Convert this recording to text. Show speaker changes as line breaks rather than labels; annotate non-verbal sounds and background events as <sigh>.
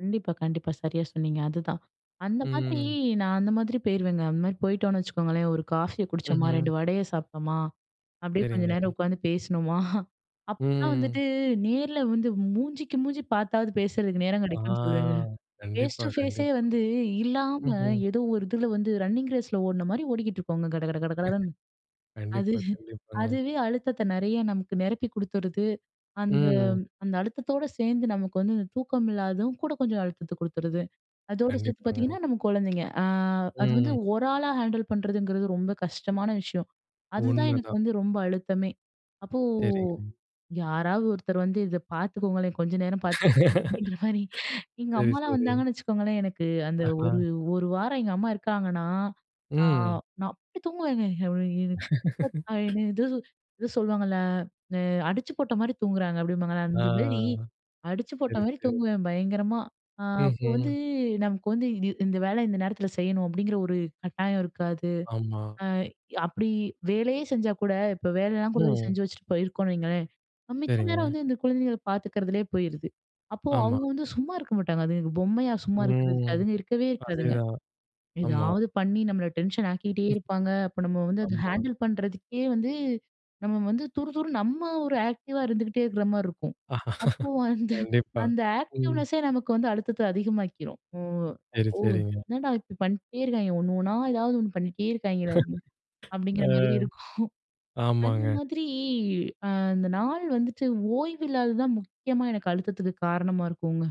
கண்டிப்பா, கண்டிப்பா. சரியா சொன்னீங்க அதுதான். அந்த மாதிரி
ம்.
நான் அந்த மாதிரி போயிருவேங்க. அந்த மாரி போய்ட்டோம்னு வச்சுக்கோங்களேன். 1 காஃபிய குடிச்சோமா, 2
ம்ஹ்ம்.
வடைய சாப்ட்டோமா, அப்படியே கொஞ்ச
சரிங்க.
நேரம் உக்காந்து பேசினோமா, <chuckles> அப்பதான் வந்துட்டு
ம்.
நேர்ல வந்து மூஞ்சிக்கு மூஞ்சி பாத்தாவது பேசுறதுக்கு நேரம்
ஆ,
கிடைக்கும்னு சொல்லுவேங்க. ஃபேஸ்
கண்டிப்பா,
டூ ஃபேஸே
கண்டிப்
வந்து இல்லாம
ம்ஹ்ம்.
ஏதோ ஒரு இதில வந்து ரன்னிங் ரேஸில ஓடுன மாரி ஓடிக்கிட்ருக்கோங்க கட கட கட கடன்னு. அது
கண்டிப்பா, கண்டிப்பாங்க.
அதுவே அழுத்தத்தை நெறைய நமக்கு நிரப்பி குடுத்துருது. அந்த
ம்.
அந்த அழுத்தத்தோட சேந்து நமக்கு வந்து இந்த தூக்கம் இல்லாததும் கூட கொஞ்சம் அழுத்தத்த குடுத்துருது. அதோட சேர்த்து
கண்டிப்பாங்க.
பாத்தீங்கன்னா நம்ம குழந்தைங்க. அ அது வந்து
ம்.
ஒரு ஆளா ஹேண்டில் பண்றதுங்கிறது ரொம்ப கஷ்டமான விஷயம். அதுதான் எனக்கு
உண்மைதான்.
வந்து ரொம்ப அழுத்தமே! அப்போ,
சரிங்க.
"யாராவது ஒருத்தர் வந்து இதை பாத்துக்கோங்களேன், கொஞ்ச நேரம் பாத்துக்கோங்க."
<laughs>
அப்படின்ற மாதிரி, எங்க
சரி,
அம்மாலாம்
சரி.
வந்தாங்கன்னு வச்சுக்கோங்களேன், எனக்கு அந்த
ஆஹா,
ஒரு 1 வாரம் எங்க அம்மா இருக்காங்கன்னா, நான்
ம்.
நான் அப்படி தூங்குவேங்க. <unintelligible>
<chuckles>
என்ன ஏதோ எதோ சொல்லுவாங்கல்ல. "அ அடிச்சு போட்ட மாரி தூங்குறாங்க." அப்படிம்பாங்கல்ல,
ஆ,
அந்த மாதிரி அடிச்சு போட்ட
சரி,
மாதிரி
சரி.
தூங்குவேன், பயங்கரமா. அ அப்போ
ம்ஹ்ம்.
வந்து, நமக்கு வந்து இது இந்த வேலை இந்த நேரத்தில செய்யணும் அப்படிங்கிற ஒரு கட்டாயம் இருக்காது.
ஆமா.
அ அப்படி வேலையே செஞ்சா கூட, இப்போ வேலையெல்லாம் கூட
ம்.
செஞ்சு வச்சுட்டு போயிருக்கோம்னு வையுங்களேன். மிச்ச நேரம்
சரிங்க.
வந்து இந்த குழந்தைகள பாத்துக்கிறதிலயே போயிருது. அப்போ
ஆமா.
அவுங்க வந்து சும்மா இருக்க மாட்டாங்க. அது பொம்மையா சும்மா இருக்கிறதுக்கு,
ம்
அதுங்க இருக்கவே இருக்காதுங்க.
அதேதான், ஆமா.
ஏதாவது பண்ணி, நம்மள டென்ஷன் ஆக்கிட்டே இருப்பாங்க. அப்போ நம்ம வந்து அதை
ஆமா.
ஹேண்டில் பண்றதுக்கே வந்து, நம்ம வந்து துரு துருன்னு, நம்ம ஒரு ஆக்டிவா இருந்துகிட்டே இருக்கிற மாரி இருக்கும். அப்போ
<laughs>
வந்து
கண்டிப்பா,
அந்த <chuckles>
ம்.
ஆக்டிவ்னெஸ்ஸே நமக்கு வந்து அழுத்தத்த அதிகமாக்கிரும். ஓ
சரி,
ஓ
சரிங்க.
"என்னடா இப்படி பண்ணிக்ட்டே இருக்காய்ங்க. ஒண்ணு ஒண்ணா ஏதாவது ஒண்ணு பண்ணிட்டே இருக்காய்ங்களே!"
<laughs>
அப்டிங்கிற
அ
மாதிரி இருக்கும். அந்த
ஆமாங்க.
மாதிரி அ இந்த நாள் வந்துட்டு ஓய்வில்லாதது தான் முக்கியமா எனக்கு அழுத்தத்துக்கு காரணமா இருக்குங்க.